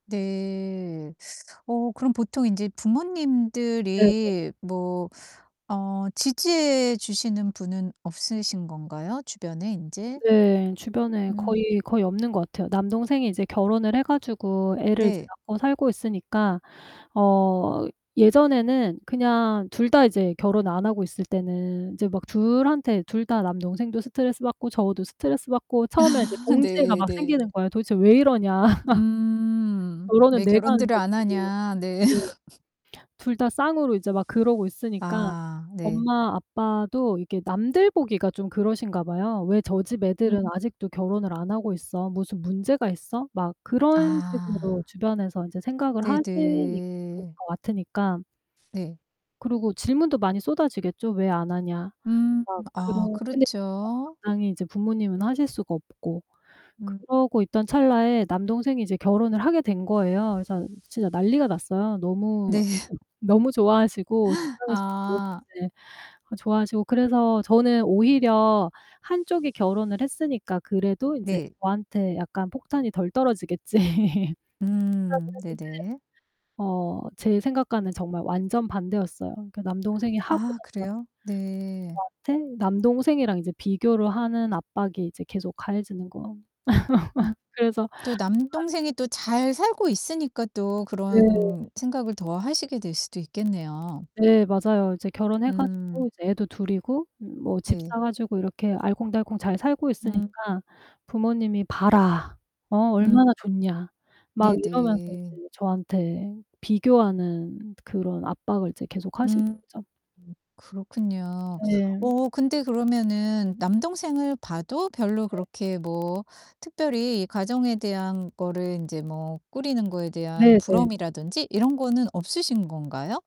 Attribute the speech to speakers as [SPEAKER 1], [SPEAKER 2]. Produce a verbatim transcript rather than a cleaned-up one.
[SPEAKER 1] 네. 어 그럼 보통 인제
[SPEAKER 2] 네네.
[SPEAKER 1] 부모님들이 뭐 어 지지해 주시는 분은 없으신 건가요 주변에 인제?
[SPEAKER 2] 네, 주변에
[SPEAKER 1] 음.
[SPEAKER 2] 거의 거의 없는 것 같아요. 남동생이 이제 결혼을 해 가지고 애를 이제
[SPEAKER 1] 네.
[SPEAKER 2] 낳고 살고 있으니까 어 예전에는 그냥 둘 다 이제 결혼 안 하고 있을 때는 이제 막 둘한테 둘 다 남동생도 스트레스 받고 저도 스트레스 받고 처음에는 이제
[SPEAKER 1] 아
[SPEAKER 2] 동지애가
[SPEAKER 1] 네
[SPEAKER 2] 막
[SPEAKER 1] 네.
[SPEAKER 2] 생기는 거예요. '도대체 왜 이러냐.'
[SPEAKER 1] 음.
[SPEAKER 2] '결혼은
[SPEAKER 1] 왜
[SPEAKER 2] 내가 하는
[SPEAKER 1] 결혼들을
[SPEAKER 2] 거지.'
[SPEAKER 1] 안 하냐? 네.
[SPEAKER 2] 네. 둘 다 쌍으로 이제 막 그러고 있으니까
[SPEAKER 1] 아 네.
[SPEAKER 2] 엄마 아빠도 이렇게 남들 보기가 좀 그러신가 봐요. '왜 저 집
[SPEAKER 1] 음.
[SPEAKER 2] 애들은 아직도 결혼을 안 하고 있어? 무슨 문제가 있어?' 막 그런 식으로
[SPEAKER 1] 아.
[SPEAKER 2] 주변에서 이제 생각을 하시니 그럴
[SPEAKER 1] 네네.
[SPEAKER 2] 것 같으니까
[SPEAKER 1] 예.
[SPEAKER 2] 그리고 질문도 많이 쏟아지겠죠. "왜 안 하냐?"
[SPEAKER 1] 음.
[SPEAKER 2] 막
[SPEAKER 1] 아
[SPEAKER 2] 그러 근데 [unintelligible]
[SPEAKER 1] 그렇죠.
[SPEAKER 2] 당당히 이제 부모님은 하실 수가 없고.
[SPEAKER 1] 음.
[SPEAKER 2] 그러고 있던 찰나에 남동생이 이제 결혼을 하게 된 거예요. 그래서 진짜 난리가 났어요. 너무
[SPEAKER 1] 네.
[SPEAKER 2] [unintelligible] 너무 좋아하시고 [unintelligible]
[SPEAKER 1] 아.
[SPEAKER 2] 어 좋아하시고 그래서 저는 오히려 '한 쪽이 결혼을 했으니까 그래도 인제
[SPEAKER 1] 네.
[SPEAKER 2] 저한테 약간 폭탄이 덜 떨어지겠지.' 생각을
[SPEAKER 1] 음.
[SPEAKER 2] 했는데
[SPEAKER 1] 네네.
[SPEAKER 2] 어, 제 생각과는 정말 완전 반대였어요. 그 남동생이 하고
[SPEAKER 1] 아
[SPEAKER 2] 나서
[SPEAKER 1] 그래요? 네.
[SPEAKER 2] 저한테 남동생이랑 이제 비교를 하는 압박이 이제 계속 가해지는 거
[SPEAKER 1] 음
[SPEAKER 2] 그래서
[SPEAKER 1] 또
[SPEAKER 2] 아
[SPEAKER 1] 남동생이 또 잘 살고 있으니까 또
[SPEAKER 2] 네.
[SPEAKER 1] 그런 생각을 더 하시게 될 수도 있겠네요.
[SPEAKER 2] 네, 맞아요. 이제 결혼해
[SPEAKER 1] 음.
[SPEAKER 2] 가지고 이제 애도 둘 이고 뭐 집
[SPEAKER 1] 네.
[SPEAKER 2] 사 가지고 이렇게 알콩달콩 잘 살고
[SPEAKER 1] 음.
[SPEAKER 2] 있으니까 부모님이 "봐라. 어 얼마나
[SPEAKER 1] 음.
[SPEAKER 2] 좋냐." 막
[SPEAKER 1] 네
[SPEAKER 2] 이러면서
[SPEAKER 1] 네.
[SPEAKER 2] 이제 저한테 비교하는 그런 압박을 이제 계속
[SPEAKER 1] 음. 음
[SPEAKER 2] 하시죠.
[SPEAKER 1] 그렇군요.
[SPEAKER 2] 네.
[SPEAKER 1] 어 근데 그러면은 남동생을 봐도 별로
[SPEAKER 2] 네.
[SPEAKER 1] 그렇게 뭐 특별히 가정에 대한 거를 인제 뭐 꾸리는 거에 대한
[SPEAKER 2] 네네.
[SPEAKER 1] 부러움이라든지 이런 거는 없으신 건가요?